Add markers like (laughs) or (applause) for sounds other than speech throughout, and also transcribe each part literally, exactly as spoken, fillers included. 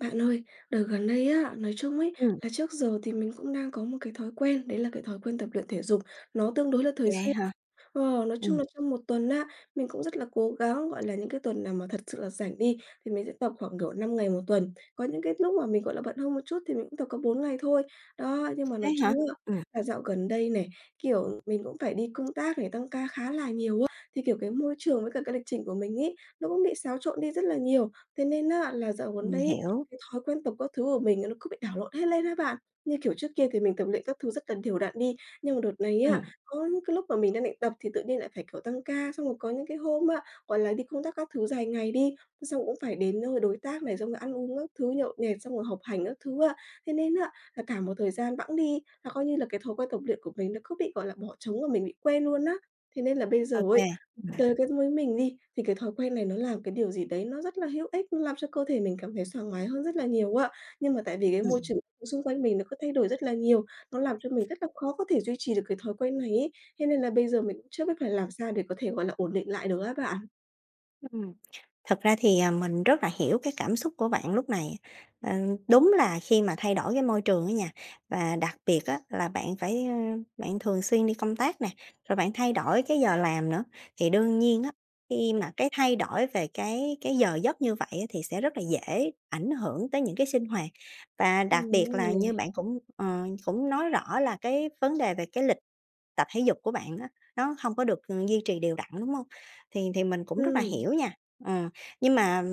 Bạn ơi, đợt gần đây á, nói chung ấy, Ừm. là trước giờ thì mình cũng đang có một cái thói quen, đấy là cái thói quen tập luyện thể dục, nó tương đối là thường Vậy xuyên. hả? Ờ, nói chung Ừm. là trong một tuần á, mình cũng rất là cố gắng, gọi là, những cái tuần nào mà thật sự là rảnh đi, thì mình sẽ tập khoảng, kiểu, năm ngày một tuần, có những cái lúc mà mình, gọi là, bận hơn một chút thì mình cũng tập có bốn ngày thôi. Đó, nhưng mà Thế nói hả? chung á, Ừm. là dạo gần đây này, kiểu, mình cũng phải đi công tác này, tăng ca khá là nhiều á, thì, kiểu, cái môi trường với cả cái lịch trình của mình ấy, nó cũng bị xáo trộn đi rất là nhiều. Thế nên á, là dạo gần Mình đây ấy, hiểu. cái thói quen tập các thứ của mình nó cứ bị đảo lộn hết lên á bạn. Như kiểu trước kia thì mình tập luyện các thứ rất là đều đặn đi, nhưng mà đợt này á, Ừm. có những cái lúc mà mình đang định tập thì tự nhiên lại phải, kiểu, tăng ca, xong rồi có những cái hôm á, gọi là, đi công tác các thứ dài ngày đi, xong cũng phải đến nơi đối tác này, xong rồi ăn uống các thứ, nhậu nhẹt, xong rồi học hành các thứ á. Thế nên á, là cả một thời gian bẵng đi, là coi như là cái thói quen tập luyện của mình nó cứ bị, gọi là, bỏ trống và mình bị quên luôn á. Thế nên là bây giờ Ô kê. ấy, chơi các với mình đi, thì cái thói quen này nó là một cái điều gì đấy nó rất là hữu ích, nó làm cho cơ thể mình cảm thấy sảng khoái hơn rất là nhiều á. Nhưng mà tại vì cái môi Ừm. trường xung quanh mình nó cứ thay đổi rất là nhiều, nó làm cho mình rất là khó có thể duy trì được cái thói quen này ấy. Thế nên là bây giờ mình cũng chưa biết phải làm sao để có thể, gọi là, ổn định lại được á bạn. Ừm, thực ra thì, à, mình rất là hiểu cái cảm xúc của bạn lúc này. Ờ, đúng là khi mà thay đổi cái môi trường á nha, và đặc biệt á là bạn phải, ơ, bạn thường xuyên đi công tác nè, rồi bạn thay đổi cái giờ làm nữa, thì đương nhiên á khi mà cái thay đổi về cái cái giờ giấc như vậy á thì sẽ rất là dễ ảnh hưởng tới những cái sinh hoạt, và đặc Ừm, biệt là như rồi. bạn cũng ờ, cũng nói rõ là cái vấn đề về cái lịch tập thể dục của bạn nó nó hông có được duy trì đều đặn, đúng hông? Thì thì mình cũng rất là Ừm. hiểu nha, ờ, nhưng mà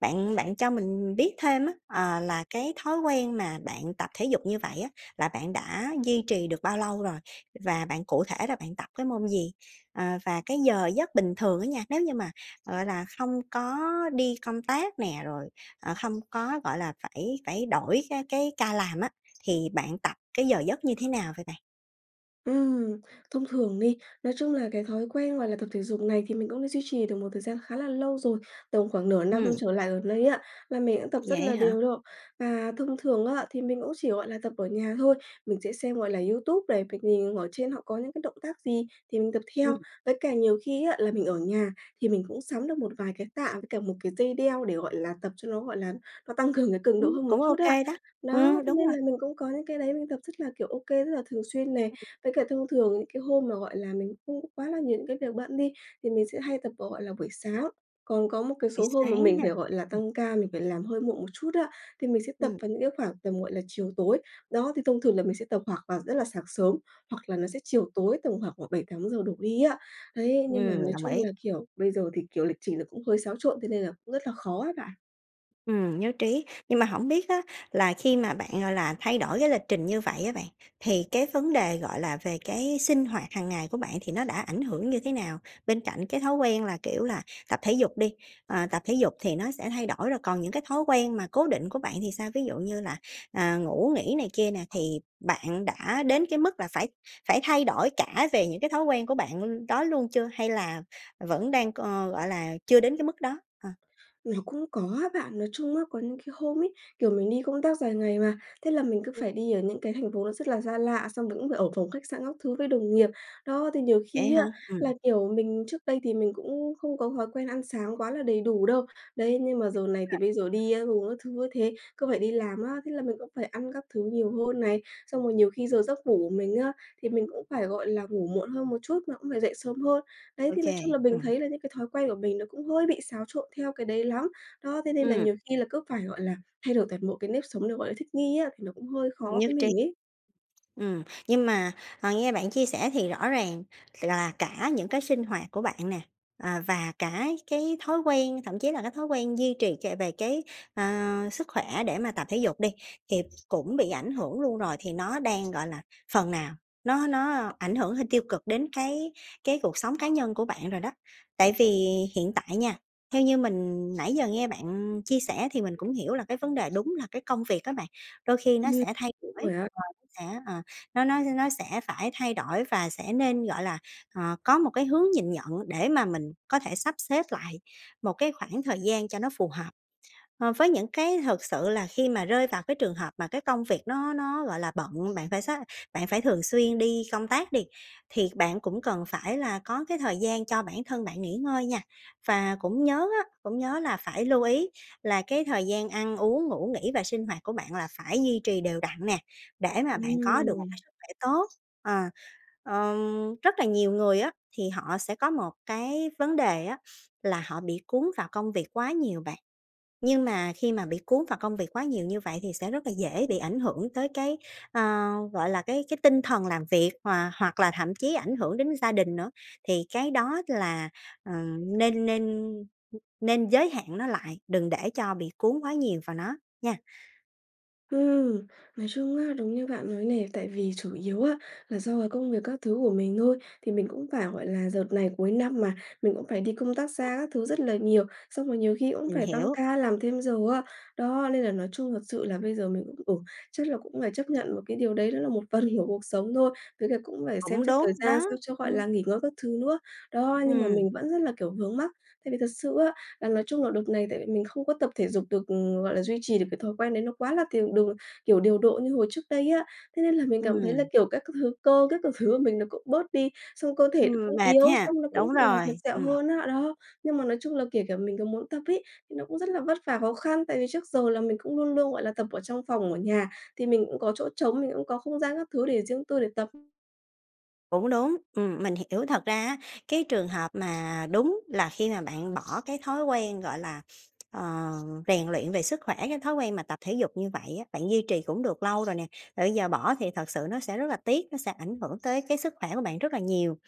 bạn bạn cho mình biết thêm á, ờ, là cái thói quen mà bạn tập thể dục như vậy á là bạn đã duy trì được bao lâu rồi? Và bạn cụ thể là bạn tập cái môn gì? Ờ, và cái giờ giấc bình thường á nha, nếu như mà, gọi là, không có đi công tác nè, rồi, ờ, hông có, gọi là, phải phải đổi cái cái ca làm á thì bạn tập cái giờ giấc như thế nào vậy bạn? Ừm, thông thường đi, nói chung là cái thói quen, gọi là, tập thể dục này thì mình cũng đã duy trì được một thời gian khá là lâu rồi, tầm khoảng nửa năm Ừm. trở lại gần đây á, và mình cũng tập rất Vậy là á hả? đều luôn. Và thông thường á, thì mình cũng chỉ, gọi là, tập ở nhà thôi, mình sẽ xem, gọi là, YouTube này, việc nhìn ở trên họ có những cái động tác gì thì mình tập theo. Ừm. Với cả nhiều khi á là mình ở nhà thì mình cũng sắm được một vài cái tạ với cả một cái dây đeo để, gọi là, tập cho nó, gọi là, nó tăng cường cái cường độ Ừm, hơn một cũng chút ô á. kê đó. Đó, Ừm, đúng nên rồi. là mình cũng có những cái đấy mình tập rất là, kiểu, ô kê, rất là thường xuyên này. Với cả thông thường những cái hôm mà, gọi là, mình không có quá là nhiều những cái việc bận đi thì mình sẽ hay tập vào, gọi là, buổi sáng, còn có một cái Buổi số hôm mà sáng mình ha, phải, gọi là, ừm. tăng ca, mình phải làm hơi muộn một chút á thì mình sẽ tập Ừm. vào những cái khoảng tầm, gọi là, chiều tối. Đó, thì thông thường là mình sẽ tập hoặc là rất là sáng sớm hoặc là nó sẽ chiều tối tầm khoảng khoảng bảy tám giờ đổ đi á. Đấy, nhưng mà Ừm, nói đồng chung ý. là, kiểu, bây giờ thì, kiểu, lịch trình nó cũng hơi xáo trộn, thế nên là cũng rất là khó á bạn. Ừm nhất trí, nhưng mà hổng biết á, là khi mà bạn, gọi là, thay đổi cái lịch trình như vậy á bạn, thì cái vấn đề, gọi là, về cái sinh hoạt hằng ngày của bạn thì nó đã ảnh hưởng như thế nào? Bên cạnh cái thói quen là, kiểu là, tập thể dục đi, ờ, tập thể dục thì nó sẽ thay đổi rồi, còn những cái thói quen mà cố định của bạn thì sao, ví dụ như là, ờ, ngủ nghỉ này kia nè, thì bạn đã đến cái mức là phải phải thay đổi cả về những cái thói quen của bạn đó luôn chưa, hay là vẫn đang, ờ, gọi là, chưa đến cái mức đó? Ờ. Nó cũng có á bạn, nói chung á, có những cái hôm ấy, kiểu mình đi công tác dài ngày mà, thế là mình cứ Ừ. phải đi ở những cái thành phố nó rất là xa lạ, xong mình cũng phải ở phòng khách sạn các thứ với đồng nghiệp. Đó, thì nhiều Vậy khi hả? á, là, Ừm. kiểu, mình trước đây thì mình cũng không có thói quen ăn sáng quá là đầy đủ đâu. Đấy, nhưng mà Ừm, giờ này thì rồi. bây giờ Ừm. đi ăn uống các thứ như thế cứ phải đi làm á, thế là mình cũng phải ăn các thứ nhiều hơn này, xong rồi nhiều khi giờ giấc ngủ của mình á, thì mình cũng phải, gọi là, ngủ muộn hơn một chút, nó cũng phải dậy sớm hơn. Đấy, Ô thì nói kê. chung là mình Ừm. thấy là những cái thói quen của mình nó cũng hơi bị xáo trộn theo cái đấy lắm. Đó, thế nên là Ừm. nhiều khi là cứ phải, gọi là, thay đổi toàn bộ cái nếp sống, nó gọi là thích nghi á, thì nó cũng hơi khó Nhất với trí. mình ấy. Ừm, nhưng mà, à, nghe bạn chia sẻ thì rõ ràng là cả những cái sinh hoạt của bạn nè, ờ, và cả cái thói quen, thậm chí là cái thói quen duy trì trề về cái, ờ, sức khỏe để mà tập thể dục đi, thì cũng bị ảnh hưởng luôn rồi, thì nó đang, gọi là, phần nào, nó nó ảnh hưởng hơi tiêu cực đến cái cái cuộc sống cá nhân của bạn rồi đó. Tại vì hiện tại nha, theo như mình nãy giờ nghe bạn chia sẻ, thì mình cũng hiểu là cái vấn đề đúng là cái công việc á bạn, đôi khi nó Ừm. sẽ thay Đúng đổi rồi á! và nó sẽ, ờ, nó nó nó sẽ phải thay đổi, và sẽ nên, gọi là, ờ, có một cái hướng nhìn nhận để mà mình có thể sắp xếp lại một cái khoảng thời gian cho nó phù hợp. Ờ, với những cái thực sự là khi mà rơi vào cái trường hợp mà cái công việc nó nó, gọi là, bận, bạn phải sát bạn phải thường xuyên đi công tác đi, thì bạn cũng cần phải là có cái thời gian cho bản thân bạn nghỉ ngơi nha. Và cũng nhớ á, cũng nhớ là phải lưu ý là cái thời gian ăn uống, ngủ nghỉ và sinh hoạt của bạn là phải duy trì đều đặn nè, để mà bạn có được một Ừm. cái sức khỏe tốt. Ờ, ờ, rất là nhiều người á, thì họ sẽ có một cái vấn đề á là họ bị cuốn vào công việc quá nhiều bạn. Nhưng mà khi mà bị cuốn vào công việc quá nhiều như vậy thì sẽ rất là dễ bị ảnh hưởng tới cái, ờ, gọi là, cái cái tinh thần làm việc hòa hoặc là thậm chí ảnh hưởng đến gia đình nữa. Thì cái đó là, ờ, nên nên, ừ, nên giới hạn nó lại, đừng để cho bị cuốn quá nhiều vào nó, nha! Ừm. Nói chung á, đúng như bạn nói này, tại vì chủ yếu á, là do cái công việc các thứ của mình thôi, thì mình cũng phải, gọi là, dợt này cuối năm mà, mình cũng phải đi công tác (unintelligible) xa các thứ rất là nhiều, xong rồi nhiều khi cũng Mình phải tăng hiểu. ca, làm thêm giờ á. Đó, nên là nói chung thật sự là bây giờ mình cũng, ừ, chắc là cũng phải chấp nhận một cái điều đấy, đó là một phần của cuộc sống thôi, với cả cũng phải xem Cũng xét thời đúng, gian đó. sao cho, gọi Ừm. là, nghỉ ngơi các thứ nữa. Đó, nhưng mà Ừm. mình vẫn rất là, kiểu, vướng mắc. Tại vì thật sự á, là nói chung là đợt này tại vì mình không có tập thể dục được, ừm, gọi là, duy trì được cái thói quen đấy nó quá là tiền đồ kiểu, điều độ như hồi trước đây á, thế nên là mình cảm thấy là, Ừm. kiểu, các cứ thứ cơ, các cứ thứ của mình nó cũng bớt đi, xong cơ thể nó Ừm, cũng mệt yếu, ha? xong nó cũng, Đúng gọi là, dặt rồi, dẹo ừm. hơn á, đó. Nhưng mà nói chung là kể cả mình có muốn tập ấy, nó cũng rất là vất vả, khó khăn, tại vì trước giờ là mình cũng luôn luôn, gọi là, tập ở trong phòng ở nhà, thì mình cũng có chỗ trống, mình cũng có không gian các thứ để riêng tư để tập. Cũng đúng. Ừm, mình hiểu. Thật ra á, cái trường hợp mà đúng là khi mà bạn bỏ cái thói quen, gọi là, ờ, rèn luyện về sức khỏe, cái thói quen mà tập thể dục như vậy á, bạn duy trì cũng được lâu rồi nè, ờ, giờ bỏ thì thật sự nó sẽ rất là tiếc, nó sẽ ảnh hưởng tới cái sức khỏe của bạn rất là nhiều.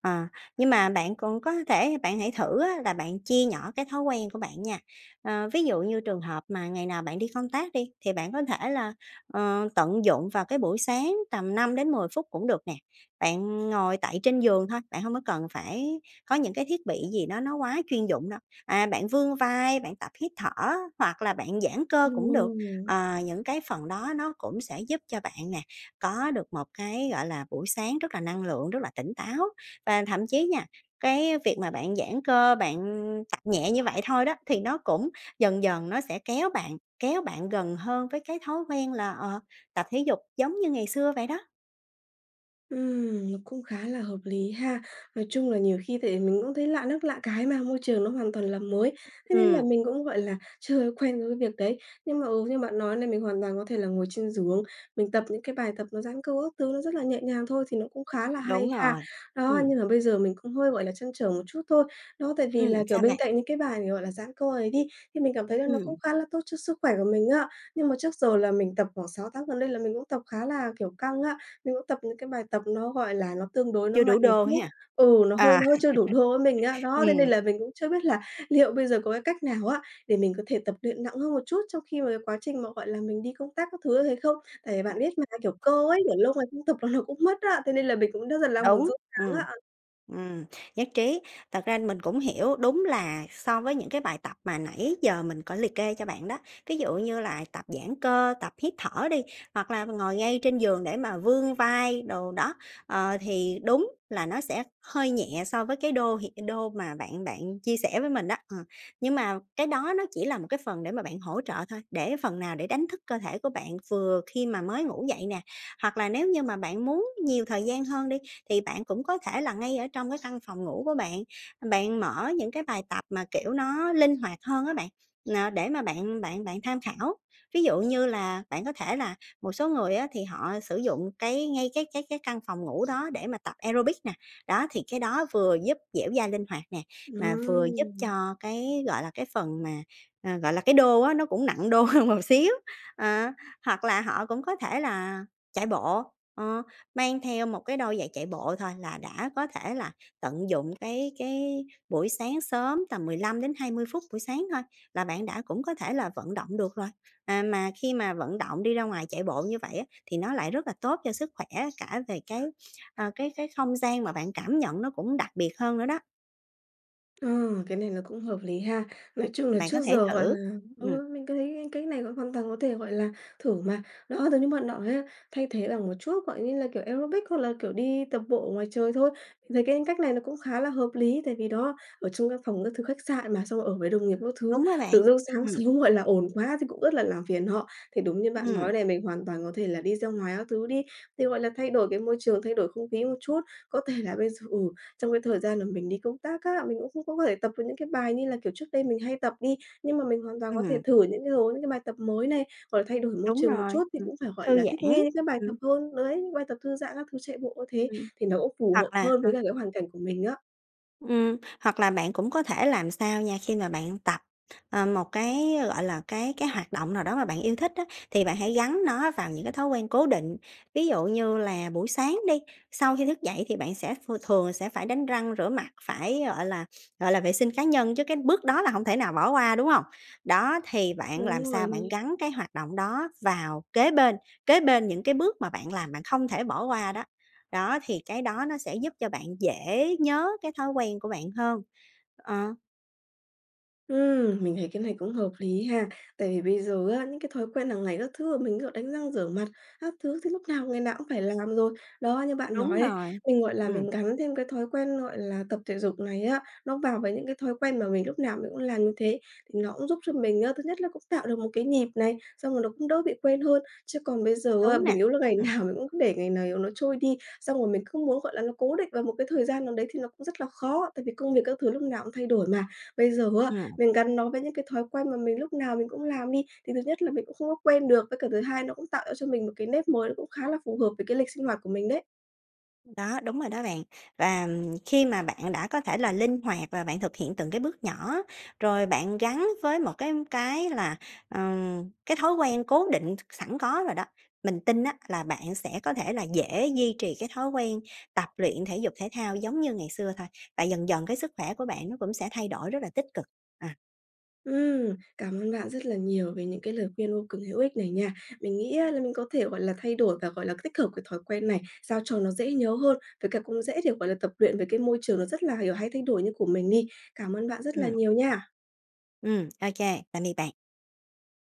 Ờ, nhưng mà bạn cũng có thể, bạn hãy thử á là bạn chia nhỏ cái thói quen của bạn nha. Ờ, ví dụ như trường hợp mà ngày nào bạn đi công tác đi, thì bạn có thể là, ờ, tận dụng vào cái buổi sáng tầm năm đến mười phút cũng được nè. Bạn ngồi tại trên giường thôi, bạn hông có cần phải có những cái thiết bị gì đó nó quá chuyên dụng đâu. À, bạn vươn vai, bạn tập hít thở hoặc là bạn giãn cơ cũng được, Ừm. ờ, những cái phần đó nó cũng sẽ giúp cho bạn nè, có được một cái, gọi là, buổi sáng rất là năng lượng, rất là tỉnh táo. Và thậm chí nha, cái việc mà bạn giãn cơ, bạn tập nhẹ như vậy thôi đó, thì nó cũng dần dần nó sẽ kéo bạn kéo bạn gần hơn với cái thói quen là, ờ, tập thể dục giống như ngày xưa vậy đó. Ừm, nó cũng khá là hợp lý ha, nói chung là nhiều khi thì mình cũng thấy lạ nước lạ cái mà, môi trường nó hoàn toàn là mới, thế nên là Ừm. mình cũng, gọi là, chưa quen với việc đấy. Nhưng mà, ừ, như bạn nói này, mình hoàn toàn có thể là ngồi trên giường, mình tập những cái bài tập nó giãn cơ các thứ nó rất là nhẹ nhàng thôi, thì nó cũng khá là hay Đúng ha. rồi. Đó, Ừm. nhưng mà bây giờ mình cũng hơi, gọi là, trăn trở một chút thôi, đó tại vì Ừm, là, kiểu, sao bên bạn? cạnh những cái bài, gọi là, dãn cơ ấy đi, thì mình cảm thấy là nó Ừm. cũng khá là tốt cho sức khỏe của mình á. Nhưng mà trước giờ là mình tập khoảng sáu tháng gần đây là mình cũng tập khá là, kiểu, căng á, mình cũng tập những cái bài tập nó, gọi là, nó tương đối nó Chưa mạnh đủ một đô chút ha. ừ, nó hơi À, nó hơi chưa đủ đô với mình á. (laughs) Đó, thế nên ừm. là mình cũng chưa biết là liệu bây giờ có cái cách nào á, để mình có thể tập luyện nặng hơn một chút, trong khi mà quá trình mà, gọi là, mình đi công tác các thứ như thế không? Tại vì bạn biết mà, kiểu, cơ ấy, để lâu ngày không tập là nó cũng mất á, thế nên là mình cũng rất là đang muốn Đúng, sốt sắng ừm. á. Ừm, nhất trí, thật ra mình cũng hiểu, đúng là so với những cái bài tập mà nãy giờ mình có liệt kê cho bạn đó, ví dụ như là tập giãn cơ, tập hít thở đi, hoặc là ngồi ngay trên giường để mà vươn vai đồ đó, ờ, thì đúng là nó sẽ hơi nhẹ so với cái đô hiện đô mà bạn bạn chia sẻ với mình đó, ờ. Nhưng mà cái đó nó chỉ là một cái phần để mà bạn hỗ trợ thôi, để phần nào để đánh thức cơ thể của bạn vừa khi mà mới ngủ dậy nè. Hoặc là nếu như mà bạn muốn nhiều thời gian hơn đi, thì bạn cũng có thể là ngay ở trong cái căn phòng ngủ của bạn, ừm, bạn mở những cái bài tập mà, kiểu, nó linh hoạt hơn á bạn, ờ, để mà bạn bạn bạn tham khảo. Ví dụ như là bạn có thể là, một số người á, thì họ sử dụng cái ngay cái cái cái căn phòng ngủ đó để mà tập aerobic nè, đó thì cái đó vừa giúp dẻo dai linh hoạt nè, mà vừa giúp Ừm. cho cái, gọi là, cái phần mà, ờ, gọi là, cái đô á, nó cũng nặng đô hơn một xíu. Ờ, hoặc là họ cũng có thể là chạy bộ, ờ, mang theo một cái đôi giày chạy bộ thôi là đã có thể là tận dụng cái cái buổi sáng sớm, tầm mười lăm đến hai mươi phút buổi sáng thôi là bạn đã cũng có thể là vận động được rồi. À, mà khi mà vận động đi ra ngoài chạy bộ như vậy á, thì nó lại rất là tốt cho sức khỏe cả về cái, ờ, cái cái không gian mà bạn cảm nhận nó cũng đặc biệt hơn nữa đó. Ừ, cái này nó cũng hợp lý ha. Nói chung là Bạn trước có thể giờ, gọi thử, là ừm. ừ, mình cứ thấy cách này nó hoàn toàn có thể, gọi là, thử mà. Đó, giống như bạn nói á, thay thế bằng một chút, gọi như là, kiểu, aerobic hoặc là kiểu đi tập bộ ở ngoài trời thôi, mình thấy cái cách này nó cũng khá là hợp lý. Tại vì, đó, ở trong cái phòng các thứ khách sạn mà, xong rồi ở với đồng nghiệp các thứ, Đúng rồi bạn. tự dưng sáng Ừm. sớm, gọi là, ồn quá thì cũng rất là làm phiền họ. Thì đúng như bạn Ừm. nói này, mình hoàn toàn có thể là đi ra ngoài các thứ đi, thì, gọi là, thay đổi cái môi trường, thay đổi không khí một chút. Có thể là bây giờ, ừ, trong cái thời gian mà mình đi công tác á, mình cũng không có thể tập được những cái bài như là, kiểu, trước đây mình hay tập đi, nhưng mà mình hoàn toàn có thể Ừm. thử những cái hướng, những bài tập mới này, hoặc là thay đổi môi Đúng trường một rồi, chút thì ừm, cũng phải, gọi thư là, thích giãn. nghi những cái bài Ừm. tập hơn. Đấy, những bài tập thư giãn các thứ, chạy bộ cũng thế Ừm, thì nó cũng phù hoặc hợp là hơn à. với cả cái hoàn cảnh của mình á. Ừm, hoặc là bạn cũng có thể làm sao nha, khi mà bạn tập, ờ, một cái, ơ, gọi là, gọi là, cái cái hoạt động nào đó mà bạn yêu thích á, thì bạn hãy gắn nó vào những cái thói quen cố định. Ví dụ như là buổi sáng đi, sau khi thức dậy thì bạn sẽ ph thường sẽ phải đánh răng rửa mặt, phải, gọi là, gọi là vệ sinh cá nhân, chứ cái bước đó là hông thể nào bỏ qua, đúng hông? Đó, thì bạn làm Đúng rồi sao bạn nè. gắn cái hoạt động đó vào kế bên, kế bên những cái bước mà bạn làm, bạn không thể bỏ qua đó. Đó, thì cái đó nó sẽ giúp cho bạn dễ nhớ cái thói quen của bạn hơn. Ờ. Ừm, mình thấy cái này cũng hợp lý ha, tại vì bây giờ á, những cái thói quen hàng ngày các thứ mình, kiểu, đánh răng rửa mặt, các thứ thì lúc nào ngày nào cũng phải làm rồi. Đó, như bạn Đúng nói này, rồi. mình, gọi là, Ừm. mình gắn thêm cái thói quen, gọi là, tập thể dục này á, nó vào với những cái thói quen mà mình lúc nào mình cũng làm như thế thì nó cũng giúp cho mình á, thứ nhất là cũng tạo được một cái nhịp này, xong rồi nó cũng đỡ bị quên hơn. Chứ còn bây giờ á, Đúng nè. mình yếu là ngày Ừm. nào mình cũng để ngày này nó trôi đi, xong rồi mình cứ muốn, gọi là, nó cố định vào một cái thời gian nào đấy thì nó cũng rất là khó, tại vì công việc các thứ lúc nào cũng thay đổi mà. Bây giờ á, Ừm. mình gắn nó với những cái thói quen mà mình lúc nào mình cũng làm đi, thì thứ nhất là mình cũng không có quen được, với cả thứ hai nó cũng tạo ra cho mình một cái nếp mới cũng khá là phù hợp với cái lịch sinh hoạt của mình đấy. Đó, đúng rồi đó bạn. Và, ừm, khi mà bạn đã có thể là linh hoạt và bạn thực hiện từng cái bước nhỏ, rồi bạn gắn với một cái cái là, ờm, cái thói quen cố định s sẵn có rồi đó, mình tin á, là bạn sẽ có thể là dễ duy trì cái thói quen tập luyện thể dục thể thao giống như ngày xưa thôi, tại dần dần cái sức khỏe của bạn nó cũng sẽ thay đổi rất là tích cực. Ờ. Ừm, cảm ơn bạn rất là nhiều về những cái lời khuyên vô cùng hữu ích này nha. Mình nghĩ á, là mình có thể, gọi là, thay đổi và, gọi là, tích hợp cái thói quen này, sao cho nó dễ nhớ hơn, với cả cũng dễ để, gọi là, tập luyện vì cái môi trường nó rất là, kiểu, hay thay đổi như của mình đi. Cảm ơn bạn rất là Ừm. nhiều nha. Ừm, OK, tạm biệt bạn.